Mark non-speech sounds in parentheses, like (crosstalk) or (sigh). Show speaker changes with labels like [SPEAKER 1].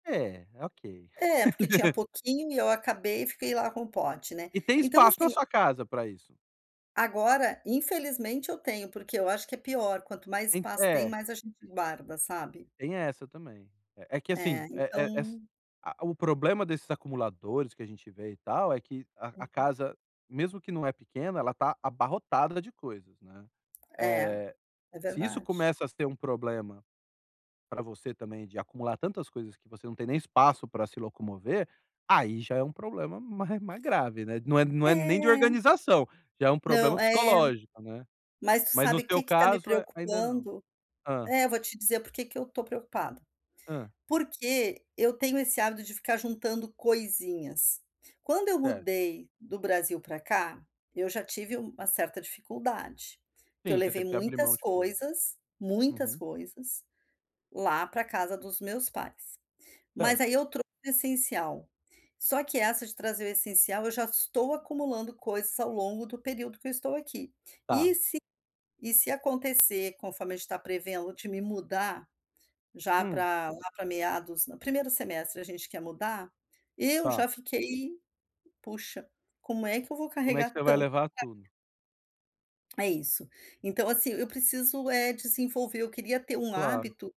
[SPEAKER 1] É, ok.
[SPEAKER 2] É, porque tinha pouquinho e eu acabei e fiquei lá com o pote, né?
[SPEAKER 1] E tem
[SPEAKER 2] Então,
[SPEAKER 1] espaço na
[SPEAKER 2] assim
[SPEAKER 1] sua casa pra isso?
[SPEAKER 2] Agora, infelizmente, eu tenho, porque eu acho que é pior. Quanto mais
[SPEAKER 1] En
[SPEAKER 2] espaço tem,
[SPEAKER 1] é.
[SPEAKER 2] mais a gente guarda, sabe?
[SPEAKER 1] Tem essa também. É é que, assim,
[SPEAKER 2] É,
[SPEAKER 1] eh eh, es
[SPEAKER 2] então
[SPEAKER 1] a O problema desses acumuladores que a gente vê e tal é que a a
[SPEAKER 2] Uhum.
[SPEAKER 1] casa, mesmo que não é pequena, ela tá abarrotada de coisas, né.
[SPEAKER 2] É.
[SPEAKER 1] Eh,
[SPEAKER 2] É
[SPEAKER 1] se isso
[SPEAKER 2] verdade.
[SPEAKER 1] começa a ser um problema pra você também, de acumular tantas coisas que você não tem nem espaço pra se locomover, aí já é um problema mais mais grave, né? Não é não é nem de
[SPEAKER 2] É.
[SPEAKER 1] organização, já é um problema
[SPEAKER 2] Não, é.
[SPEAKER 1] psicológico, né.
[SPEAKER 2] Mas tu
[SPEAKER 1] Mas, no
[SPEAKER 2] sabe
[SPEAKER 1] seu
[SPEAKER 2] que que tá me
[SPEAKER 1] caso, ainda não.
[SPEAKER 2] preocupando?
[SPEAKER 1] Hã?
[SPEAKER 2] É, vou te dizer por que que eu estou preocupada.
[SPEAKER 1] Hã?
[SPEAKER 2] Porque eu tenho esse hábito de ficar juntando coisinhas. Quando eu
[SPEAKER 1] Certo.
[SPEAKER 2] mudei do Brasil pra cá, eu já tive uma certa dificuldade, que eu
[SPEAKER 1] Sim, você
[SPEAKER 2] levei
[SPEAKER 1] teve que abrir mão
[SPEAKER 2] muitas
[SPEAKER 1] de coisa.
[SPEAKER 2] coisas, muitas
[SPEAKER 1] Uhum.
[SPEAKER 2] coisas, lá pra casa dos meus pais. Mas
[SPEAKER 1] Certo.
[SPEAKER 2] aí eu trouxe o essencial. Só que essa de trazer o essencial, eu já estou acumulando coisas ao longo do período que eu estou aqui. E
[SPEAKER 1] Tá.
[SPEAKER 2] se e se acontecer conforme a gente tá prevendo de me mudar, já
[SPEAKER 1] Hum.
[SPEAKER 2] pra lá, pra meados o primeiro semestre a gente quer mudar, eu
[SPEAKER 1] Tá.
[SPEAKER 2] já fiquei puxa, como é que eu vou
[SPEAKER 1] Como é que
[SPEAKER 2] carregar
[SPEAKER 1] você vai
[SPEAKER 2] tanto.
[SPEAKER 1] levar tudo?
[SPEAKER 2] (unintelligible) É isso. Então, assim, eu preciso, eh, desenvolver, eu queria ter um
[SPEAKER 1] Claro.
[SPEAKER 2] hábito